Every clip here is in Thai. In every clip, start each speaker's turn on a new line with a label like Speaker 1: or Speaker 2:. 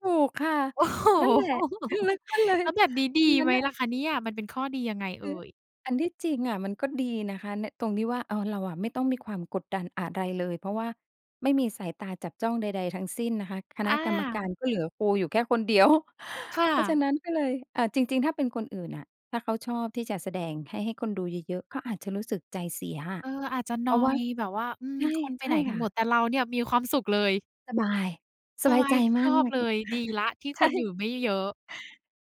Speaker 1: ถูกค่ะ
Speaker 2: โอ้โฮ!
Speaker 1: นั่นแหละ อือ มันก็เล
Speaker 2: แ
Speaker 1: ย
Speaker 2: ล้วแบบนี้ด
Speaker 1: ว
Speaker 2: ี
Speaker 1: ันนั
Speaker 2: ไ
Speaker 1: ้น
Speaker 2: หม
Speaker 1: น่ะ
Speaker 2: ล่ะคะเนี่ย มันเป็นข้อดียังไง
Speaker 1: ค
Speaker 2: เอ
Speaker 1: ือ
Speaker 2: ่ย?
Speaker 1: อันที่จริงอะมันก็ดีนะคะ ใน ตรงที่ว่า เออ เราอะไม่ต้องมีความกดดันอะไรเลย เพราะว่าไม่มีสายตาจับจ้องใด ๆ ทั้งสิ้นนะคะ ค
Speaker 2: อ
Speaker 1: ณะกรรมกา
Speaker 2: า
Speaker 1: รก็เหลือครูอยู่แค่คน เดียว
Speaker 2: ค่
Speaker 1: เพราะฉะ
Speaker 2: ะ
Speaker 1: นั้นก็เลย อ่า จริง ๆ ถ้าเป็นคนอื่นน่ะ ถ้าเขาชอบที่จะแสดงให้ ให้คนดูเยอะ ๆ ก็อาจจะรู้สึกใจเสียค่ะ
Speaker 2: เอ่อ อาจจะ
Speaker 1: เ
Speaker 2: น
Speaker 1: พ
Speaker 2: อ
Speaker 1: ราะว่า
Speaker 2: ยแบบว่า "อืม
Speaker 1: ใช่
Speaker 2: คนไป
Speaker 1: ใช
Speaker 2: ไห
Speaker 1: ่
Speaker 2: นกั
Speaker 1: ค
Speaker 2: น
Speaker 1: ่
Speaker 2: หมด?"
Speaker 1: ะ
Speaker 2: แต่เราเนี่ยมีความสุขเลย
Speaker 1: สบาย ส
Speaker 2: ส
Speaker 1: บาย
Speaker 2: บา
Speaker 1: ใจ
Speaker 2: ย
Speaker 1: ม
Speaker 2: ช
Speaker 1: าก
Speaker 2: อ
Speaker 1: เล
Speaker 2: บ
Speaker 1: ย
Speaker 2: เลย ดีแล้วที่
Speaker 1: ใช
Speaker 2: ค
Speaker 1: ่
Speaker 2: นอยู่ไม่เยอะ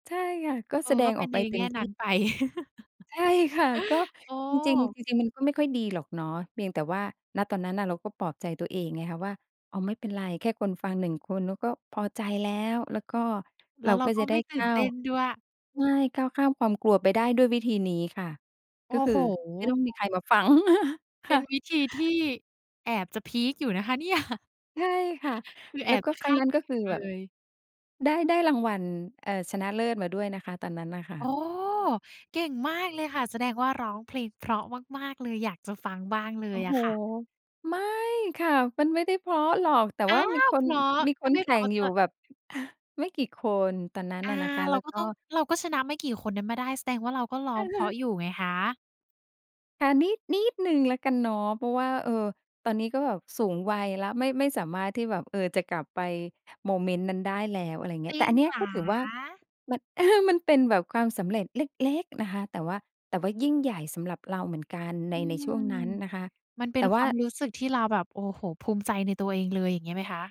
Speaker 1: ใช่ค่ะ ก็
Speaker 2: เอ
Speaker 1: แส
Speaker 2: อ
Speaker 1: ด
Speaker 2: ก็
Speaker 1: ง
Speaker 2: เป
Speaker 1: อ
Speaker 2: ็
Speaker 1: อ
Speaker 2: น
Speaker 1: ก
Speaker 2: ใ
Speaker 1: ไป
Speaker 2: น
Speaker 1: เต
Speaker 2: แง
Speaker 1: ็
Speaker 2: ่
Speaker 1: มท
Speaker 2: นั
Speaker 1: ี
Speaker 2: ้
Speaker 1: ่
Speaker 2: นไป
Speaker 1: ใช่ค่ะ ก็
Speaker 2: อ๋
Speaker 1: จริง ๆ
Speaker 2: อ
Speaker 1: จริง ๆ มันก็ไม่ค่อยดีหรอกเนาะ เพียงแต่ว่า ณ ตอนนั้นน่ะเราก็ปลอบใจตัวเองไงคะว่า "อ๋อ ไม่เป็นไรแค่คนฟัง 1 คนเราก็พอใจแล้ว" แล้วก็
Speaker 2: แ
Speaker 1: เ
Speaker 2: ล้
Speaker 1: รา
Speaker 2: วเรา
Speaker 1: ก็
Speaker 2: ก็
Speaker 1: จะได
Speaker 2: ไม
Speaker 1: ้
Speaker 2: ่ต
Speaker 1: ก
Speaker 2: ื่น
Speaker 1: ้า
Speaker 2: เต
Speaker 1: ว
Speaker 2: ้นด้วย
Speaker 1: ใช่ ก้าวข้ามความกลัวไปได้ด้วยวิธีนี้ค่ะ
Speaker 2: โอ
Speaker 1: ก็
Speaker 2: ้
Speaker 1: คื
Speaker 2: โ
Speaker 1: อ
Speaker 2: ฮ! อ
Speaker 1: ไม่ต้องมีใครมาฟัง ค
Speaker 2: เป็
Speaker 1: ่
Speaker 2: น
Speaker 1: ะ
Speaker 2: วิธีที่ แอบจะพีกอยู่นะคะเนี่ย
Speaker 1: ใช่ค่ะ
Speaker 2: คือแ
Speaker 1: แ
Speaker 2: อ
Speaker 1: ล้ว
Speaker 2: บ
Speaker 1: ก็
Speaker 2: จะ
Speaker 1: ค
Speaker 2: ค
Speaker 1: รั้ง
Speaker 2: าด
Speaker 1: นั้น
Speaker 2: ไม่
Speaker 1: ก็
Speaker 2: ถ
Speaker 1: ค
Speaker 2: ึ
Speaker 1: ื
Speaker 2: ง
Speaker 1: อ
Speaker 2: เ
Speaker 1: แบบ
Speaker 2: ลย
Speaker 1: ได้ ได้รางวัล เอ่อ ชนะเลิศมาด้วยนะคะ ตอนนั้นน่ะค่
Speaker 2: โอ้!
Speaker 1: ะ
Speaker 2: เก่งมากเลยค่ะ แสดงว่าร้องเพลงเพราะมาก ๆ เลย อยากจะฟังบ้างเล
Speaker 1: โอ
Speaker 2: ย
Speaker 1: ้โ
Speaker 2: อ
Speaker 1: ฮ
Speaker 2: ะค่ะ
Speaker 1: ไม่ค่ะ มันไม่ได้เพราะหรอก แต่
Speaker 2: อ้
Speaker 1: ว
Speaker 2: า
Speaker 1: ่ามี
Speaker 2: ว
Speaker 1: คน
Speaker 2: เหรอ?
Speaker 1: มี
Speaker 2: ถ
Speaker 1: ค
Speaker 2: ้า
Speaker 1: น
Speaker 2: ไม่
Speaker 1: แข
Speaker 2: เพ
Speaker 1: ่
Speaker 2: รา
Speaker 1: ง
Speaker 2: ะ
Speaker 1: อ
Speaker 2: จ
Speaker 1: ยู่
Speaker 2: ะ
Speaker 1: แบบ อ่า ไม่กี่คน ตอนนั้น
Speaker 2: อา
Speaker 1: อะนะคะ
Speaker 2: เร
Speaker 1: แล
Speaker 2: า
Speaker 1: ้ว
Speaker 2: ก็
Speaker 1: ก็
Speaker 2: ต้อง เราก็ชนะไม่กี่คนนั้นมาได้ แสดงว่าเราก็ร้องเพราะอยู่ไงคะ
Speaker 1: ค่ะ นิด นิดหนึ่งแล้วกันเนาะ เพราะว่า เอ่อ ตอนนี้ก็แบบสูงวัยแล้ว ไม่ ไม่สามารถที่แบบ เอ่อ จะกลับไปโมเมนต์นั้นได้แล้ว อะไรเง
Speaker 2: จ
Speaker 1: ี้ย
Speaker 2: ร
Speaker 1: แต
Speaker 2: ิ
Speaker 1: ่
Speaker 2: ง
Speaker 1: อันเนี้
Speaker 2: เ
Speaker 1: ย
Speaker 2: หร
Speaker 1: ก็ถือว่า
Speaker 2: อ?
Speaker 1: มัน มันเป็นแบบความสำเร็จเล็ก ๆ นะคะ แต่ว่า แต่ว่ายิ่งใหญ่สำหรับเราเหมือนกันใ
Speaker 2: อ
Speaker 1: น
Speaker 2: ื
Speaker 1: ใน
Speaker 2: ม
Speaker 1: ช่วงนั้นนะคะ
Speaker 2: มันเป็
Speaker 1: แต
Speaker 2: น
Speaker 1: ่ว
Speaker 2: ค
Speaker 1: ่
Speaker 2: ว
Speaker 1: า
Speaker 2: ามรู้สึกที่เราแบบ โอ้โฮ ภูมิใจในตัวเองเลย อย่างนี้ไหมคะ?